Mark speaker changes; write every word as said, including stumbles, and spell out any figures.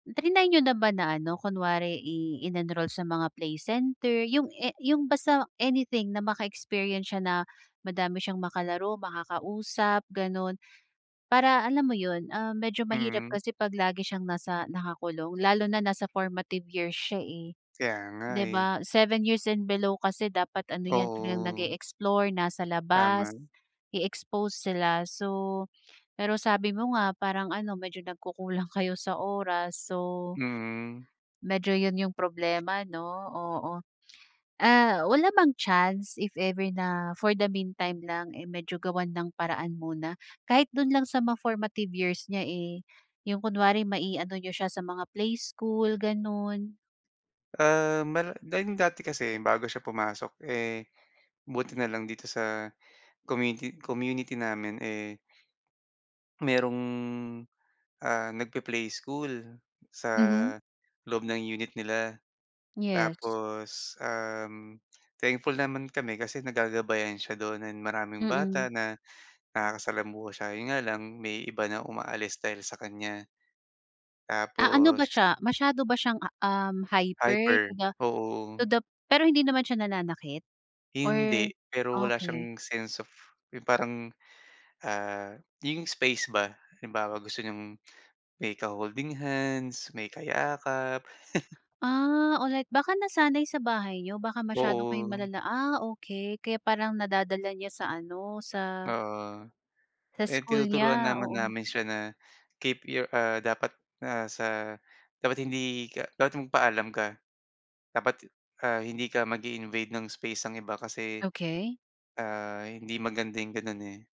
Speaker 1: Trinay niyo na ba na ano kunwari i inenroll sa mga play center, 'yong a 'yong basta anything na maka-experience siya na, madami siyang makalaro, makakausap, gano'n. Para, alam mo 'yon, ah, medyo mahirap
Speaker 2: Mm.
Speaker 1: kasi pag lagi siyang nasa nakakulong lalo na nasa formative years siya, eh.
Speaker 2: Kaya nga,
Speaker 1: 'Di
Speaker 2: eh.
Speaker 1: ba, seven years and below kasi dapat ano 'yan, talagang
Speaker 2: Oo.
Speaker 1: nag-e-explore, nasa
Speaker 2: Tama.
Speaker 1: labas, i-expose sila. So, pero sabi mo nga parang ano medyo nagkukulang kayo sa oras. So
Speaker 2: Mm.
Speaker 1: medyo 'yon 'yong problema, 'no, oo. Ah, wala bang chance, if ever na for the meantime lang, eh, medyo gawan ng paraan muna. Kahit do'n lang sa mga formative years niya, eh, 'yong kunwari ma-i-ano niyo siya sa mga playschool, gano'n.
Speaker 2: Ah, mara da 'yon dati kasi bago siya pumasok. Eh, buti na lang dito sa community community namin, eh merong, ah, nagpe-play school, sa,
Speaker 1: Mhm.
Speaker 2: loob ng unit nila.
Speaker 1: Yes.
Speaker 2: Tapos, um, thankful naman kami kasi nagagabayan siya do'n and maraming bata
Speaker 1: Mm.
Speaker 2: na, nakakasalamuha siya. 'Yon nga lang, may iba na umaalis dahil sa kaniya.
Speaker 1: Ah, ano
Speaker 2: Tapos
Speaker 1: ba siya, masyado ba siyang a um, hyper
Speaker 2: Hyper.
Speaker 1: to the to
Speaker 2: Oo, o
Speaker 1: the pero hindi naman siya nananakit?
Speaker 2: Hindi.
Speaker 1: Or,
Speaker 2: Pero wala
Speaker 1: okey.
Speaker 2: siyang sense of 'yong parang, ah, 'yong space ba. Halimbawa, gusto niyang, may ka-holding hands, may kayakap.
Speaker 1: Ah, all right. Baka nasanay sa bahay niyo, baka masyadong kayong
Speaker 2: Oo.
Speaker 1: malala ah, okay. Kaya parang nadadala niya sa ano, sa
Speaker 2: Oo.
Speaker 1: sa
Speaker 2: Eh,
Speaker 1: school
Speaker 2: tinuturuan
Speaker 1: niya.
Speaker 2: naman
Speaker 1: Oo.
Speaker 2: namin siya na, keep your ah, dapat, ah, sa, dapat hindi ka dapat magpaalam ka. Dapat t ah, hindi ka mag-i-invade ng space ng iba kasi,
Speaker 1: Okey.
Speaker 2: ah, hindi maganda 'yong gano'n, eh.